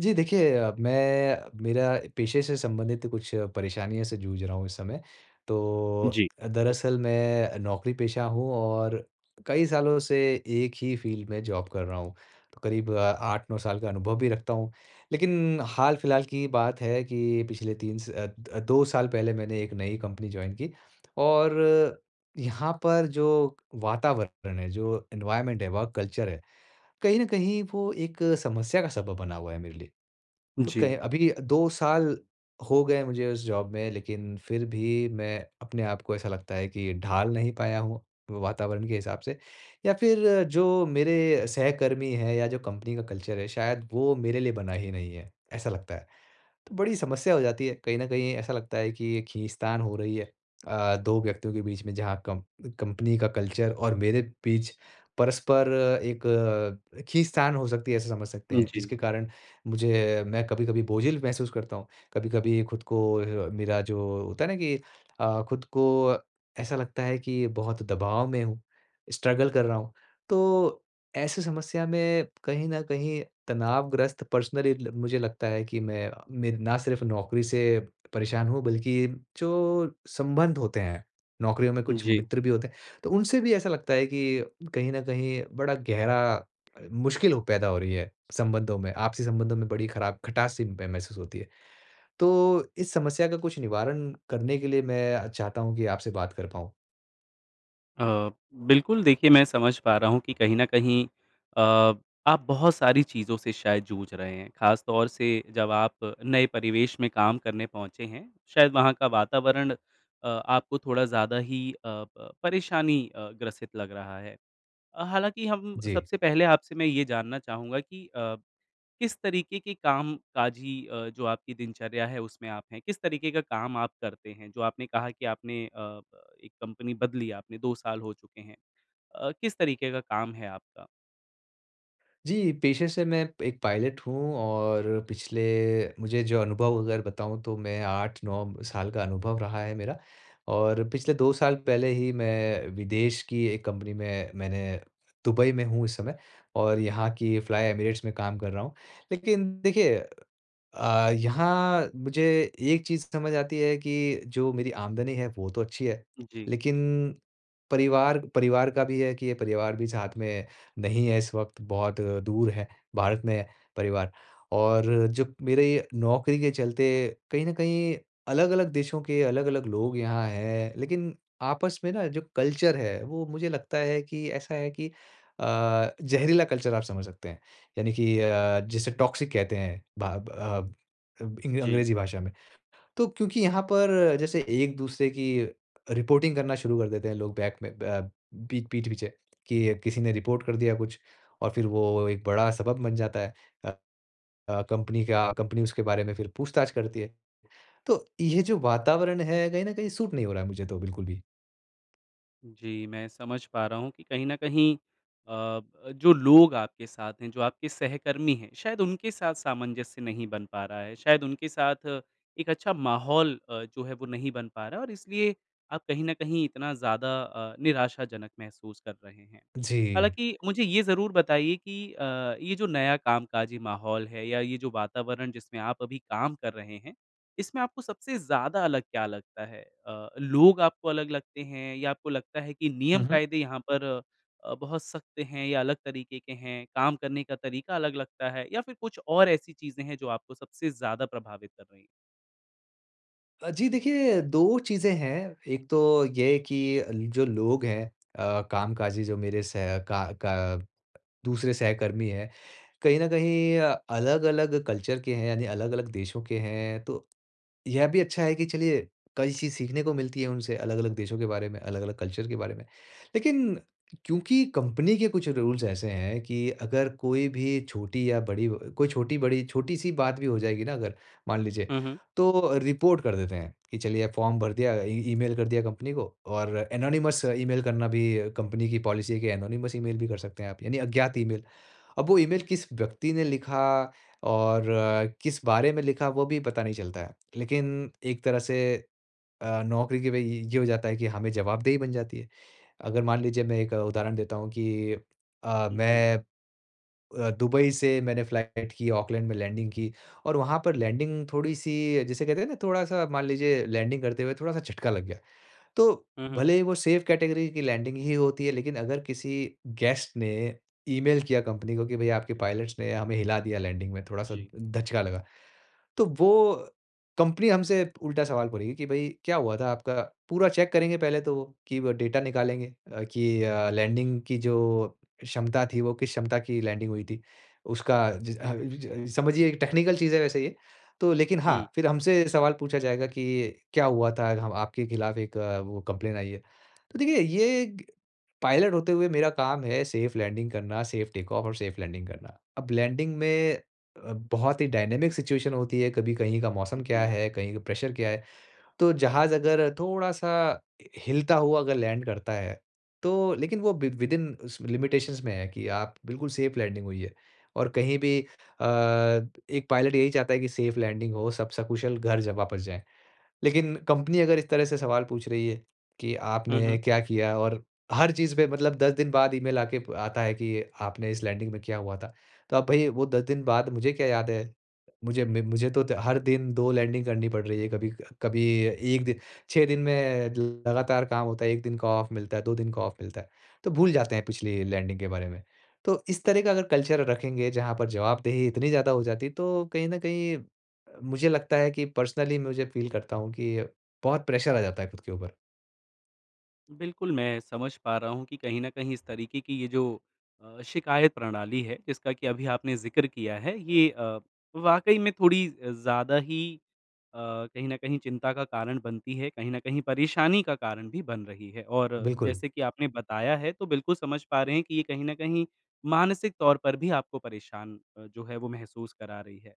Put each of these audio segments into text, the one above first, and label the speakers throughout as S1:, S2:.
S1: जी देखिए अ, मैं मेरा पेशे से संबंधित कुछ परेशानियों से जूझ रहा हूँ इस समय। तो
S2: जी।
S1: अ, दरअसल मैं अ, नौकरी पेशा हूँ और कई सालों से 1 ही फ़ील्ड में जॉब कर रहा हूँ। तो करीब 8-9 साल का अनुभव भी रखता हूँ लेकिन हाल-फिलहाल की ही बात है कि पिछले 3 स अ, 2 साल पहले मैंने एक नई कंपनी जॉइन की और यहाँ पर जो, वातावरण है जो एनवायरनमेंट है वर्क कल्चर है। कहीं न कहीं वो एक समस्या का सबब बना हुआ है मेरे लिए। तो कह
S2: जी।
S1: अभी 2 साल, हो गए मुझे इस जॉब में लेकिन फिर भी मैं अपने आप को ऐसा लगता है कि ढाल नहीं पाया हूँ वातावरण के हिसाब से। या फिर जो मेरे सहकर्मी हैं या जो कंपनी का कल्चर है शायद वो मेरे लिए बना ही नहीं है। ऐसा लगता है। तो बड़ी समस्या हो जाती है। कहीं न कहीं ऐसा लगता है कि ये खींच-तान हो रही है आ, 2 व्यक्तियों के बीच में जहाँ कम कंपनी का कल्चर और मेरे बीच परस्पर, एक खींच-तान हो सकती है ऐसा समझ सकते
S2: हाँ
S1: हैं।
S2: जी।
S1: जिसके कारण मुझे मैं कभी-कभी बोझिल महसूस करता हूँ। कभी-कभी खुद को अ, मेरा जो होता है ना कि अ, खुद को ऐसा लगता है कि बहुत दबाव में हूँ। स्ट्रगल कर रहा हूँ। तो ऐसी समस्या में कहीं न कहीं तनावग्रस्त पर्सनली ल मुझे लगता है कि मैं मेरे ना सिर्फ़ नौकरी से, परेशान हूँ बल्कि जो संबंध होते हैं, नौकरियों में कुछ
S2: जी।
S1: मित्र भी होते हैं तो उनसे भी ऐसा लगता है कि, कहीं न कहीं बड़ा गहरा अ, मुश्किल पैदा हो रही है, संबंधों में, आपसी संबंधों में बड़ी खराब खटास सी मह महसूस होती है। तो इस समस्या का कुछ निवारण करने के लिए मैं अ, चाहता हूँ कि आपसे बात कर पाऊँ।
S2: अ, बिल्कुल, देखिए मैं समझ पा रहा हूँ कि कहीं न कहीं अ, आप बहुत सारी चीज़ों से शायद जूझ रहे हैं। ख़ास तौर से, जब आप नए परिवेश में काम करने पहुँचे हैं, शायद वहाँ का वातावरण अ, आपको थोड़ा ज़्यादा ही अ, प परेशानी अ, ग्रसित लग रहा है। अ, हालाँकि हम
S1: जी।
S2: सबसे पहले आपसे मैं ये जानना चाहूँगा कि अ, किस तरीके के कामकाजी अ, जो आपकी दिनचर्या है, उसमें आप हैं? किस तरीके का काम आप करते हैं? जो आपने कहा कि आपने अ, प एक कंपनी बदली आपने, 2 साल हो चुके हैं। अ, किस तरीके का काम है आपका?
S1: जी, पेशे से मैं एक पायलट हूँ और पिछले मुझे जो अनुभव अगर बताऊँ तो मैं 8-9 साल का अनुभव रहा है मेरा। और पिछले 2 साल पहले ही मैं विदेश की एक कंपनी में मैंने दुबई में हूँ इस समय और यहाँ की फ्लाई एमिरेट्स में काम कर रहा हूँ। लेकिन देखिए अ, यहाँ मुझे एक चीज़ समझ आती है कि जो मेरी आमदनी है, वो तो अच्छी है।
S2: जी।
S1: लेकिन परिवार परिवार का भी है कि ये परिवार भी साथ में नहीं है इस वक़्त, बहुत दूर है, भारत में है परिवार। और जो मेरे ये नौकरी के चलते, कहीं न कहीं अलग-अलग देशों के अलग-अलग लोग यहाँ हैं, लेकिन आपस में न जो कल्चर है, वो मुझे लगता है कि ऐसा है कि अ, ज़हरीला कल्चर आप समझ सकते हैं। यानी कि अ, जिसे टॉक्सिक कहते हैं, भाब अब इब इंग
S2: जी।
S1: अंग्रेज़ी भाषा में। तो क्योंकि यहाँ पर जैसे एक-दूसरे की रिपोर्टिंग करना शुरू कर देते हैं लोग बैक में ब पीठ पीठ-पीछे कि किसी ने रिपोर्ट कर दिया कुछ और फिर वो एक बड़ा सबब बन जाता है अ, अ, कंपनी का कंपनी उसके बारे में फिर पूछताछ करती है। तो ये जो वातावरण है, कहीं न कहीं सूट नहीं हो रहा है मुझे तो बिल्कुल भी।
S2: जी, मैं समझ पा रहा हूँ कि कहीं न कहीं अ, जो लोग आपके साथ हैं जो आपके सहकर्मी हैं शायद उनके साथ सामंजस्य नहीं बन पा रहा है। शायद उनके साथ एक अच्छा माहौल अ, जो है, नहीं बन पा रहा है और इसलिए आप कहीं न कहीं इतना ज़्यादा अ, निराशाजनक महसूस कर रहे हैं।
S1: जी।
S2: हालाँकि, मुझे ये ज़रूर बताइए कि अ, ये जो नया कामकाजी माहौल है, या ये जो वातावरण जिसमें आप अभी काम कर रहे हैं इसमें आपको सबसे ज़्यादा अलग क्या लगता है? अ, लोग आपको अलग लगते हैं? या आपको लगता है कि
S1: हुँ, हुँ।
S2: नियम-कायदे यहाँ पर अ, बहुत सख़्त हैं या अलग तरीके के हैं? काम करने का तरीका अलग लगता है? या फिर कुछ और ऐसी चीज़ें हैं, जो आपको सबसे ज़्यादा प्रभावित कर रही हैं?
S1: अ, जी देखिए, 2 चीज़ें हैं। एक तो ये कि जो लोग हैं, अ, कामकाजी जो मेरे सह का क दूसरे सहकर्मी हैं, कहीं न कहीं अ, अलग-अलग कल्चर के हैं, यानी अलग-अलग देशों के हैं। तो यह भी अच्छा है कि चलिए, कई चीज़ सीखने को मिलती हैं उनसे अलग-अलग देशों के बारे में, अलग-अलग कल्चर के बारे में। लेकिन क्योंकि कंपनी के कुछ रूल्स ऐसे हैं कि अगर कोई भी छोटी या बड़ी व अ, कोई छोटी-बड़ी छोटी-सी बात भी हो जाएगी ना, अगर मान लीजिए,
S2: हुँ, हुँ।
S1: तो रिपोर्ट कर देते हैं कि चलिए फ़ॉर्म भर दिया अ, ई ईमेल कर दिया कंपनी को और एनोनिमस ईमेल करना भी कंपनी की पॉलिसी है कि एनोनिमस ईमेल भी कर सकते हैं आप, यानी अज्ञात ईमेल। अब वो ईमेल किस व्यक्ति ने लिखा और किस बारे में लिखा वो भी पता नहीं चलता है। लेकिन एक तरह से अ, नौकरी के भई य ये हो जाता है कि हमें जवाबदेही बन जाती है। अगर मान लीजिए मैं एक उदाहरण देता हूँ कि अ,
S2: जी।
S1: मैं अ, दुबई से मैंने फ़्लाइट की, ऑकलैंड में लैंडिंग की और वहाँ पर लैंडिंग थोड़ी-सी अ, जिसे कहते हैं ना थोड़ा-सा मान लीजिए लैंडिंग करते हुए थोड़ा-सा झटका लग गया। तो
S2: हुँ, हुँ।
S1: भले ही वो सेफ़ कैटेगरी की लैंडिंग ही होती है, लेकिन अगर किसी गेस्ट ने ईमेल किया कंपनी को कि, “भई आपके पायलट्स ने हमें हिला दिया लैंडिंग में, थोड़ा-सा
S2: जी।
S1: दचका लगा,” तो वो कंपनी हमसे उल्टा सवाल पढ़ेगी कि, "भई क्या हुआ था?" आपका पूरा चेक करेंगे पहले तो वो। कि व डाटा निकालेंगे अ, कि अ, लैंडिंग की जो क्षमता थी, वो किस क्षमता की लैंडिंग हुई थी? उसका जि अ, जि जि अ, समझिए एक टेक्निकल चीज़ है वैसे ये तो। लेकिन
S2: हुँ।
S1: हाँ, फिर हमसे सवाल पूछा जाएगा कि, "क्या हुआ था? हव आपके ख़िलाफ़ एक वो, कंप्लेंट आई है।" तो देखिए, ये पायलट होते हुए मेरा काम है सेफ़ लैंडिंग करना सेफ़ टेक ऑफ़ और सेफ़ लैंडिंग करना। अब लैंडिंग में अ, बहुत ही डायनामिक सिचुएशन होती है कभी कहीं का मौसम क्या
S2: जी।
S1: है, कहीं का प्रेशर क्या है। तो जहाज़ अगर थोड़ा-सा हिलता हुआ अगर लैंड करता है, तो लेकिन वो विद विद इन उस लिमिटेशंस में है कि आप बिल्कुल सेफ़ लैंडिंग हुई है। और कहीं भी अ, एक पायलट यही चाहता है कि सेफ़ लैंडिंग हो, सब सकुशल घर ज वापस जाए। लेकिन कंपनी अगर इस तरह से सवाल पूछ रही है कि
S2: हुँ,
S1: आपने
S2: हुँ।
S1: क्या किया और हर चीज़ पे मतलब 10 दिन बाद ईमेल आके प आता है कि आपने इस लैंडिंग में क्या हुआ था? तो अब भई, वो 10 दिन बाद मुझे क्या याद है? मुझे, म मुझे तो हर दिन 2 लैंडिंग करनी पड़ रही हैं। कभी, क कभी एक दि– 6 दिन में लगातार काम होता है। 1 दिन का ऑफ़ मिलता है, 2 दिन का ऑफ़ मिलता है, तो भूल जाते हैं पिछली लैंडिंग के बारे में। तो इस तरह का अगर कल्चर रखेंगे जहाँ पर जवाबदेही इतनी ज़्यादा हो जाती है, तो कहीं न कहीं अ, मुझे लगता है कि पर्सनली मुझे फ़ील करता हूँ कि बहुत प्रेशर आ जाता है ख़ुद के ऊपर।
S2: बिल्कुल, मैं समझ पा रहा हूँ कि कहीं न कहीं इस तरीके की ये जो अ, शिकायत प्रणाली है, जिसका कि अभी आपने ज़िक्र किया है, ये अ, वाक़ई में थोड़ी अ, ज़्यादा ही अ, कहीं न कहीं चिंता का कारण बनती है। कहीं न कहीं परेशानी का कारण भी बन रही है और
S1: बिल्कुल।
S2: जैसे कि आपने बताया है, तो बिल्कुल समझ पा रहे हैं कि ये कहीं न कहीं मानसिक तौर पर भी आपको परेशान अ, जो है वो महसूस करा रही है।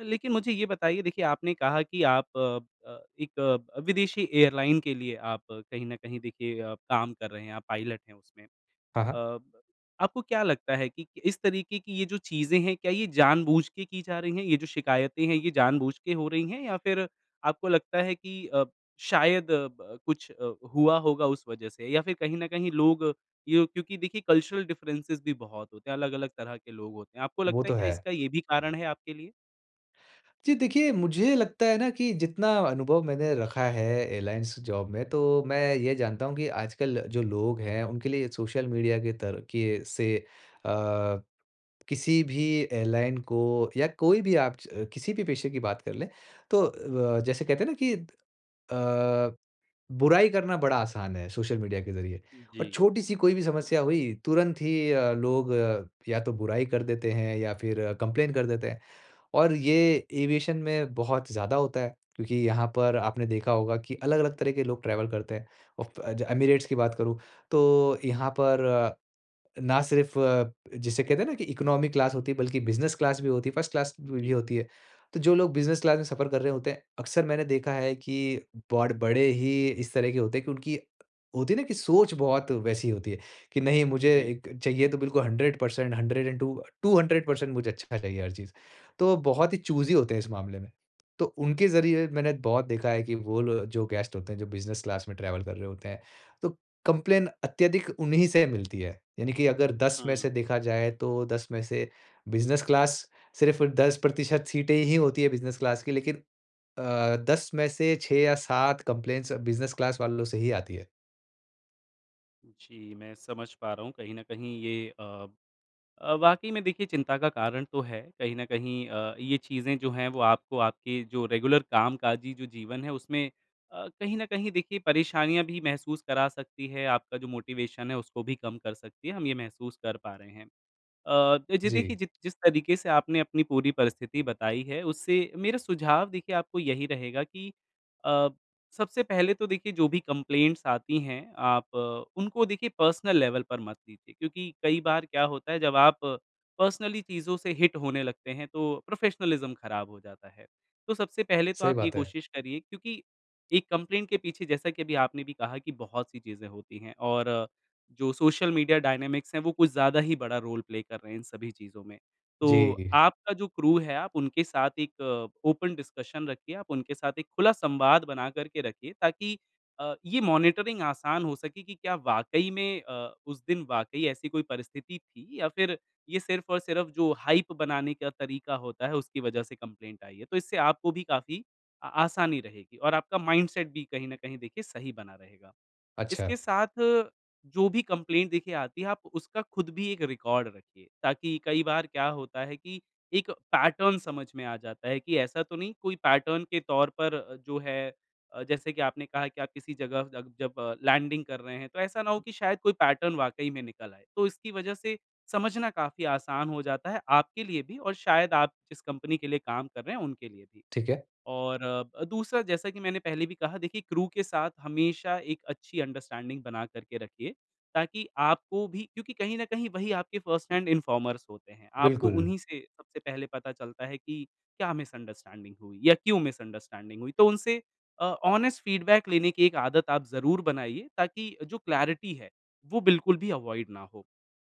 S2: लेकिन मुझे ये बताइए देखिए, आपने कहा कि आप अ अ, एक अ, विदेशी एयरलाइन के लिए आप कहीं न कहीं देखिए अ, काम कर रहे हैं, आप पायलट हैं उसमें।
S1: हाँ, हाँ।
S2: अ, आपको क्या लगता है कि क इस तरीके की ये जो चीज़ें हैं, क्या ये जानबूझ के की जा रही हैं? ये जो शिकायतें हैं, ये जानबूझ के हो रही हैं? या फिर आपको लगता है कि अ, शायद अ, ब कुछ अ, हुआ होगा उस वजह से? या फिर कहीं न कहीं लोग यूँ क्योंकि देखिए, कल्चरल डिफ़रेंसेज़ भी बहुत होते हैं, अलग-अलग तरह के लोग होते हैं। आपको
S1: वो
S2: लगता है,
S1: तो
S2: क्या
S1: है।
S2: इसका ये भी कारण है आपके लिए?
S1: जी देखिए, मुझे लगता है ना कि जितना अनुभव मैंने रखा एयरलाइन्स जॉब में, तो मैं ये जानता हूँ कि आजकल जो लोग हैं, उनके लिए सोशल मीडिया के तरीके से आ, किसी भी एयरलाइन को या कोई भी आप च अ, किसी भी पेशे की बात कर लें, तो व जैसे कहते हैं न कि अ, बुराई करना बड़ा आसान है सोशल मीडिया के ज़रिए और
S2: जी।
S1: छोटी-सी कोई भी समस्या हुई, तुरंत ही अ, लोग अ, या तो बुराई कर देते हैं, या फिर कंप्लेन कर देते हैं। और ये एविएशन में बहुत ज़्यादा होता है। क्योंकि यहाँ पर आपने देखा होगा कि अलग-अलग तरह के लोग ट्रैवल करते हैं। उफ़, अ "एमिरेट्स" की बात करूँ, तो यहाँ पर, ना सिर्फ़ जिसे कहते हैं न कि इकोनॉमी क्लास होती है, बल्कि बिज़नेस क्लास भी होती है, फ़र्स्ट क्लास भी
S2: जी।
S1: होती है। तो जो लोग बिज़नेस क्लास में सफ़र कर रहे होते हैं, अकसर मैंने देखा है कि बाड़ बड़े ही इस तरह के होते हैं कि उनकी होती है ना कि सोच बहुत वैसी होती है कि "नहीं, मुझे
S2: जी।
S1: इक चाहिए तो बिल्कुल 100%, 100 एंड 2 200% मुझे अच्छा चाहिए हर चीज़। तो बहुत ही चूज़ी होते हैं इस मामले में। तो उनके ज़रिये मैंने बहुत देखा है कि वो लो जो गेस्ट होते हैं, जो बिज़नेस क्लास में ट्रैवल कर रहे होते हैं तो कंप्लेन अत्यधिक उन्हीं से मिलती है। यानी कि अगर 10 में
S2: हाँ।
S1: से देखा जाए, तो 10 में से बिज़नेस क्लास सिर्फ़ 10% सीटें ही होती हैं बिज़नेस क्लास की, लेकिन अ, 10 में से 6 या 7 कंप्लेंटस बिज़नेस क्लास वालों से ही आती हैं।
S2: जी, मैं समझ पा रहा हूँ, कहीं न कहीं ये अ, अ, वाक़ई में देखिए चिंता का कारण तो है। कहीं न कहीं अ, ये चीज़ें जो हैं, वो आपको आपके जो रेगुलर कामकाजी जो जीवन है, उसमें अ, कहीं न कहीं देखिए परेशानियाँ भी महसूस करा सकती है। आपका जो मोटिवेशन है, उसको भी कम कर सकती है, हम ये महसूस कर पा रहे हैं। अ, तो जी देखिए
S1: जी।
S2: जि जिस तरीके से आपने अपनी पूरी परिस्थिति बताई है, उससे मेरा सुझाव देखिए आपको यही रहेगा कि अ, सबसे पहले तो देखिए जो भी कंप्लेंट्स आती हैं, आप उनको देखिए पर्सनल लेवल पर मत लीजिए क्योंकि कई बार क्या होता है, जब आप पर्सनली चीजों से हिट होने लगते हैं तो प्रोफ़ेशनलिज़्म खराब हो जाता है। तो सबसे पहले तो
S1: सही
S2: आप ये
S1: बात है।
S2: कोशिश करिए क्योंकि एक कम्प्लेन्ट के पीछे, जैसा कि अभी आपने भी कहा कि बहुत सी चीज़ें होती हैं और जो सोशल मीडिया डायनामिक्स हैं, वो कुछ ज़्यादा ही बड़ा रोल प्ले कर रहे हैं इन सभी चीज़ों में। तो
S1: जी।
S2: आपका जो क्रू है, आप उनके साथ एक ओपन डिस्कशन रखिए। आप उनके साथ एक खुला संवाद बना करके रखिए ताकि अ, ये मॉनिटरिंग आसान हो सके कि क्या वाक़ई में अ, उस दिन वाक़ई ऐसी कोई परिस्थिति थी या फिर ये सिर्फ़ और सिर्फ़ जो हाइप बनाने का तरीका होता है, उसकी वजह से कम्प्लेन्ट आई है। तो इससे आपको भी काफ़ी आ आसानी रहेगी, और आपका माइंडसेट भी कहीं न कहीं देखिए सही बना रहेगा। इसके
S1: अच्छा।
S2: साथ, जो भी कम्प्लेन्ट देखिए आती है, आप उसका खुद भी एक रिकॉर्ड रखिए। ताकि कई बार क्या होता है कि एक पैटर्न समझ में आ जाता है कि ऐसा तो नहीं, कोई पैटर्न के तौर पर जो है अ, जैसे कि आपने कहा कि आप किसी जगह तक जब लैंडिंग कर रहे हैं, तो ऐसा ना हो कि शायद कोई पैटर्न वाक़ई में निकल आए। तो इसकी वजह से समझना काफ़ी आसान हो जाता है आपके लिए भी और शायद आप जिस कंपनी के लिए काम कर रहे हैं, उनके लिए भी।
S1: ठीक है।
S2: और दूसरा, जैसा कि मैंने पहले भी कहा, देखिए क्रू के साथ हमेशा एक अच्छी अंडरस्टैंडिंग बनाकर के रखिए, ताकि आपको भी क्योंकि कहीं न कहीं वही आपके फ़र्स्ट हैंड इन्फॉर्मर्स होते हैं। आपको
S1: बिल्कुल।
S2: उन्हीं से सबसे पहले पता चलता है कि क्या मिसअंडरस्टैंडिंग हुई या क्यों मिसअंडरस्टैंडिंग हुई। तो उनसे अ, ऑनिस्ट फ़ीडबैक लेने की एक आदत आप ज़रूर बनाइये, ताकि जो क्लैरिटी है, वो बिल्कुल भी अवॉइड ना हो।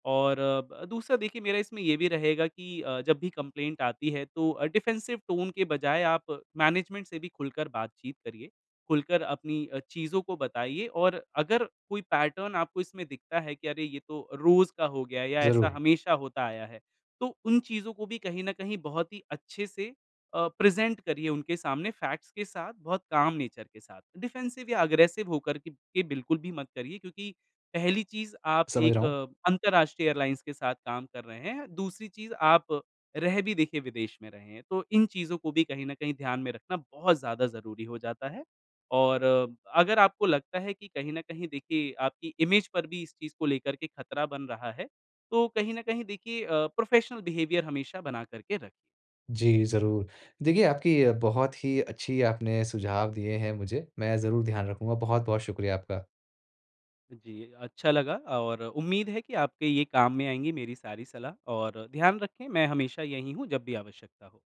S2: और ब दूसरा, देखिए मेरा इसमें ये भी रहेगा कि अ, जब भी कम्प्लेन्ट आती है, तो अ, डिफेंसिव टोन के बजाय आप मैनेजमेंट से भी खुलकर बातचीत करिए। खुलकर अपनी अ, चीज़ों को बताइए और अगर कोई पैटर्न आपको इसमें दिखता है कि, "अरे, ये तो रोज़ का हो गया है या ऐसा
S1: ज़रूर।
S2: हमेशा होता आया है।" तो उन चीज़ों को भी कहीं न कहीं बहुत ही अच्छे से अ, प्रेज़ेंट करिए उनके सामने फैक्ट्स के साथ, बहुत काम नेचर के साथ। डिफ़ेंसिव या एग्रेसिव हो करके के बिल्कुल भी मत करिए क्योंकि पहली चीज़ आप
S1: समझ रहा
S2: एक
S1: हूँ।
S2: अंतरराष्ट्रीय एयरलाइंस के साथ काम कर रहे हैं। दूसरी चीज़, आप रह भी देखिए विदेश में रहे हैं, तो इन चीजों को भी कहीं न कहीं ध्यान में रखना बहुत ज़्यादा ज़रूरी हो जाता है। और अगर आपको लगता है कि कहीं न कहीं देखिए आपकी इमेज पर भी इस चीज़ को लेकर खतरा बन रहा है, तो कहीं न कहीं देखिए अ, प्रोफ़ेशनल बिहेवियर हमेशा बना कर के रखें।
S1: जी, ज़रूर। देखिए, आपकी अ, बहुत ही अच्छी आपने सुझाव दिए हैं मुझे। मैं ज़रूर ध्यान रखूँगा। बहुत-बहुत शुक्रिया आपका।
S2: जी, अच्छा लगा और उम्मीद है कि आपके ये काम में आएँगी मेरी सारी सलाह और ध्यान रखें, मैं हमेशा यहीं हूँ, जब भी आवश्यकता हो।